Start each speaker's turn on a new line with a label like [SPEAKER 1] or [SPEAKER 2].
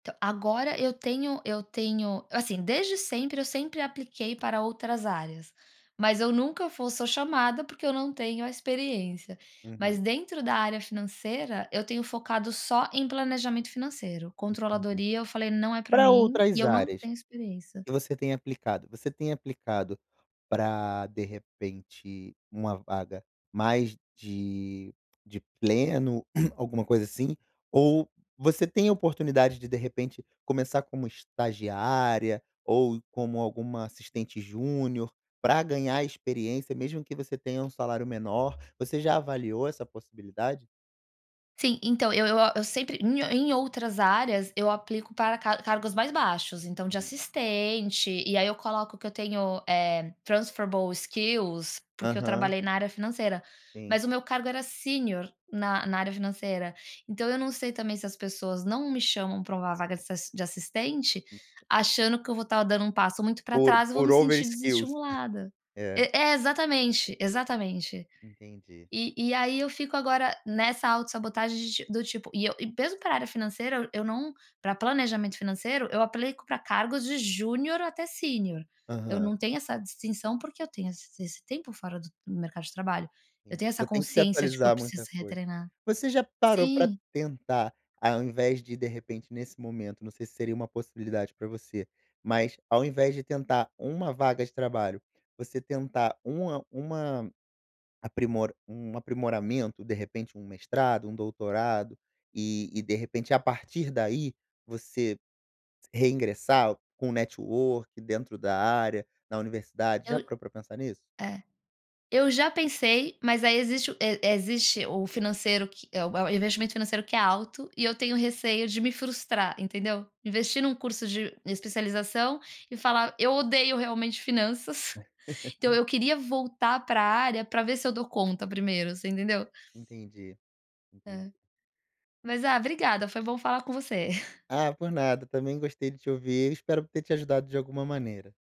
[SPEAKER 1] Entao, agora eu tenho eu tenho, eu assim, desde sempre eu sempre apliquei para outras áreas, mas eu nunca fo sou chamada, porque eu não tenho a experiência. Mas
[SPEAKER 2] Uhum.
[SPEAKER 1] dentro da área financeira, eu tenho focado só em planejamento financeiro,
[SPEAKER 2] Entendi.
[SPEAKER 1] controladoria eu falei não é pra
[SPEAKER 2] Pra
[SPEAKER 1] mim e
[SPEAKER 2] outras
[SPEAKER 1] eu não
[SPEAKER 2] áreas
[SPEAKER 1] tenho experiência.
[SPEAKER 2] que você tem aplicado? Você tem aplicado pra, de repente, uma vaga mais de de pleno, alguma coisa assim? Ou você tem a oportunidade de, de repente, começar como estagiária ou como alguma assistente júnior pra ganhar experiência, mesmo que você tenha um salário menor. Você já avaliou essa possibilidade?
[SPEAKER 1] Sim, então, eu eu a eu sempre em ou em outras áreas eu aplico para car cargos mais baixos, então de
[SPEAKER 2] Uhum.
[SPEAKER 1] assistente, e aí eu coloco que eu tenho, eh, transferable skills, porque eu
[SPEAKER 2] Aham.
[SPEAKER 1] trabalhei na área financeira,
[SPEAKER 2] Sim.
[SPEAKER 1] mas o meu cargo era sênior na na área financeira. Então eu não sei também se as pessoas não me chamam pra um vaga de ass de assistente, achando que eu vou tá dando um passo muito para
[SPEAKER 2] Por,
[SPEAKER 1] trás e vou me
[SPEAKER 2] por
[SPEAKER 1] sentir
[SPEAKER 2] overskills.
[SPEAKER 1] desestimulada.
[SPEAKER 2] É.
[SPEAKER 1] E é exatamente, exatamente.
[SPEAKER 2] Entendi.
[SPEAKER 1] E e aí, eu fico agora nessa autossabotagem de ti do tipo, e eu e mesmo para área financeira eu eu não, para planejamento financeiro eu aplico pra cargos de júnior até sênior. Eu
[SPEAKER 2] Aham.
[SPEAKER 1] não tenho essa distinção porque eu tenho esse esse tempo fora do do mercado de trabalho, eu
[SPEAKER 2] Sim,
[SPEAKER 1] tenho essa
[SPEAKER 2] você tem que se
[SPEAKER 1] consciência de que eu
[SPEAKER 2] atualizar
[SPEAKER 1] preciso
[SPEAKER 2] muita
[SPEAKER 1] ser
[SPEAKER 2] coisa.
[SPEAKER 1] retreinada.
[SPEAKER 2] Você já parou pra
[SPEAKER 1] Sim.
[SPEAKER 2] tentar, ao invés de de repente nesse momento, não sei se seria uma possibilidade pra você, mas ao invés de tentar uma vaga de trabalho, você tentar uma uma aprimor um aprimoramento, de repente um mestrado, um doutorado e e, de repente, a partir daí você reingressar com network dentro da área, da universidade, já
[SPEAKER 1] Eu
[SPEAKER 2] parou para pensar nisso?
[SPEAKER 1] é, eu já pensei mas aí existe o e existe o financeiro que é o é o investimento financeiro que é alto e eu tenho receio de me frustrar, entendeu? Investir num curso de especialização e falar eu odeio realmente finanças. Então eu queria voltar pra área pra ver se eu dou conta primeiro, você entendeu?
[SPEAKER 2] Entendi, entendi.
[SPEAKER 1] Hã, mas a obrigada, foi bom falar com você.
[SPEAKER 2] Ah, por nada também gostei de te ouvir, eu espero ter te ajudado de alguma maneira.